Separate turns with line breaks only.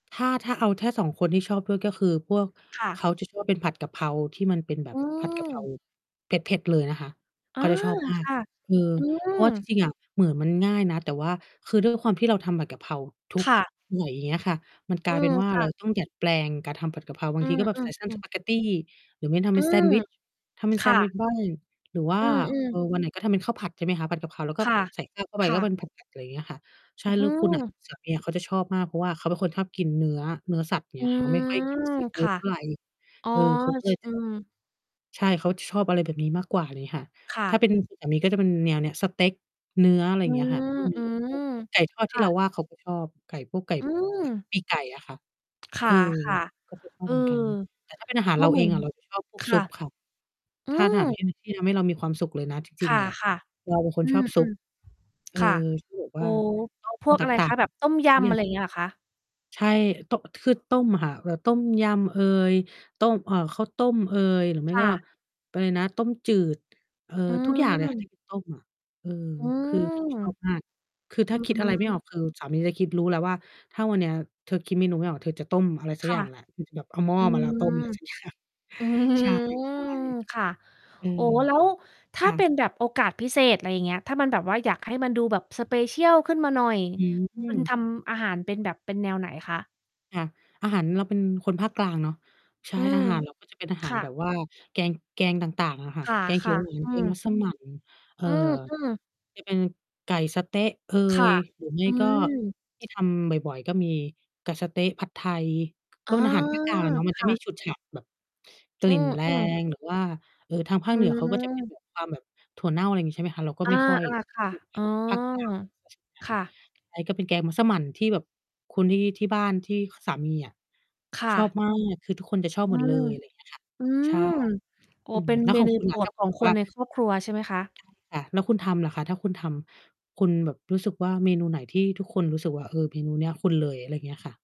ถ้า ถ้าเอาแค่ 2 คนที่ชอบด้วย ก็คือพวก
ค่
เข
ะ
าจะชอบเป็นผัด กะเพราที่มันเป็นแบ
อ
บ
ื
ผัด กะเพรา
ม
เผ็ด ๆ เลยนะคะ
อ
เ
๋
ข
อ
าจะชอบมาก
ค่ะ
เออ
อื
เพราะว่าจ
ม
ริง ๆ อะเหมือนมันง่ายนะ แต่ว่าคือด้วยความที่เราทำผัดกะเพราทุก
ค่ะ
บ่อย เงี้ยค่ะ มันกล
อื
ายเป็
ม
นว่า
ค
เ
่
รา
ะ
ต้องดัดแปลงการทำผัดกะเพรา บา
อื
งทีก็แบบใส่เส้น
ม
ส
ๆ ๆ
ปาเกตตี หรือไม่ทำเ
อ
ป
ื
็นแซ
ม
นด์วิช ทำเป็น
ค
แซ
่
นด์วิช
ะ
บ้าง หรือว่า
อือ
เอ่
ๆ
อ วันไหนก็ทำเป็นข้าวผัด ใช่ไหมคะ ผัดกะเพรา แล้วก็
ค่ะ
ใส่ ข้าว เข้าไป
ค
ก
่
็เป็
ะ
น ผัด ๆ อะไรเงี้ยค่ะ ใช
อ
่
ื้อ
แ
ฮ
ล้
ื
วคุณน่ะ
อ
สามี เขาจะชอบมาก เพราะว่าเขาเป็นคนชอบกินเนื้อ เนื้อสัตว์
อ
เ
ื
งี้ยค่ะ ไม่ค่อยก
ม
ินซีฟ
ค
ูด
่ะ
เท่าไร
อ๋อ
เออ เขาก็เล
ช
ย
อืม
ใช่ เขาชอบอะไรแบบนี้มากกว่าเลยค่ะ
ค่
ถ้า
ะ
เป็นสามีก็จะเป็นแนวเนี้ย สเต็ก เนื้อ อะไร
อื
เงี้ยค่ะ อืม พวก
ม
ไก่ทอด
ๆ ค
ที่
่
เรา
ะ
ว่า เขาก็ชอบ ไก่ พวกไก่
อืม
ปีกไก่อะค่ะ
ค
เอ
่
อ
ะ
เขาจะช
ๆ เ
อ
อ
บ
อ
เหมือนกัน แต่ถ้า เป็นอาหาร
ก็
เรา
เหม
เอ
ือ
ง
น
อะ เราจะ ชอบพว
ค
ก ซ
่
ุ
ะ
ปค่ะ
อื
ถ้าอาหาร ท
ม
ี่ ที่ทำให้เรามีความสุขเลยนะ จริ
ค
ง ๆ เลยอะ
่ะ
เราเป็นค
ๆ อ
น
ื
ชอ
อ
บซุป เออ
ๆ ค่ะ
ที่แบบ
โอ
ว
้
่า ชอบ
พวก
ต
อะไร
ั
ค
ก
ะ แบบต้มย
ๆ เนี
ำ
่
อะ
ย
ไรเงี้ยเหรอคะ?
ใช่ โตะ คือต้มค่ะ แบบต้มยำเอย ต้ม อ่า ข้าวต้มเอย หรือไม
ค
่
่
ก็
ะ
อะไรนะ ต้มจืด เออ
อื
ทุกอย่าง เลยค่ะ ท
ม
ี่ต้ม เออ
อื
คือจะ
ม
ชอบ มาก คือ
อ
ถ้
ื
า
อ
คิด
ฮ
อะไรไม่อ
ึ
อก คือสามีจะคิด รู้แล้วว่า "ถ้าวันเนี้ย เธอคิดเมนูไม่ออก เธอจะต้มอะไรสัก
ค
อ
่
ย่
ะ
างแหละ" อือ แบบเอาหม้อ
อื
มาแล้ว ต้ม
ม
อะไร สักอย่าง
อื
ใช
ม
่
ค่ะ
ๆ อื
โอ้
ม
แล้วถ
ค
้า
่
เป็
ะ
นแบบโอกาสพิเศษ อะไรเงี้ย ถ้ามันแบบว่าอยากให้มันดูแบบ special ขึ้นมาหน่อย
อื
คุณ ท
ม
ำอาหารเป็นแบบ เป็นแนวไหนคะ?
ค่ะ อาหาร เราเป็นคนภาคกลางเนาะ ใช่
อื
อ
ม
าหาร เราก็จะเป็นอาห
ค
าร
่
แบ
ะ
บว่าแกง แกงต่าง ๆ อะค่ะ
ค
แกง เขี
่
ย
ะ
วหวาน
ๆ อื
แกง
ม
มัสมั่น เอ่อ
อือ อือ
จะเป็น ไก่สะเต๊ะเอ
ค่
ย
ะ
หรือไม่
อื
ก็
ม
ที่ทำบ่อย ๆ ก็มีไก่สะเต๊ะ ผัดไทย ก
อ
็
๋อ
เป็นอาหารภาคกลางเนาะ มัน
ค
จะ
่
ไม
ะ
่ฉุดฉาดแบบ ก
อ
ล
ื
ิ่นแร
อ ๆ
ง หรือว่า เอ่อ ทางภา
อื
คเหนือเขาก็จะ เป็นแ
ม
บบ ความแบบถั่วเน่า อะไรงี้ ใช่ไหมคะ เราก็
อา
ไม่ค่อย
ๆ ค่ะ
อืม
อ๋อ
ภาคกลาง ใช่ไห
ค
ม
่ะ
ใช่ ก็เป็นแกงมัสมั่นที่แบบคนที่ ที่บ้าน ที่สามีอะ
ค่
ชอบ
ะ
มาก คือทุกคนจะชอบ
อื
หมดเล
ม
ย อะไร เงี้ยค่ะ
อื
ใช่
ม โอ้
อื
เ
ม
ป็น
แล้ว
เม
ของ
นู
คุณ
โป
ล่
ร
ะ ถ
ด
้าพ
ข
ู
อ
ด
ง
ถึง
ค
ว
น
่า
ในครอบครัวใช่ไหมคะ?
ค่ะ แล้วคุณทำเหรอคะ? ถ้าคุณทำ คุณแบบรู้สึกว่า มีเมนูไหนที่ทุกคนรู้สึกว่า เออ เมนูเนี้ยคุณเลย? อะไรเงี้ยค่ะ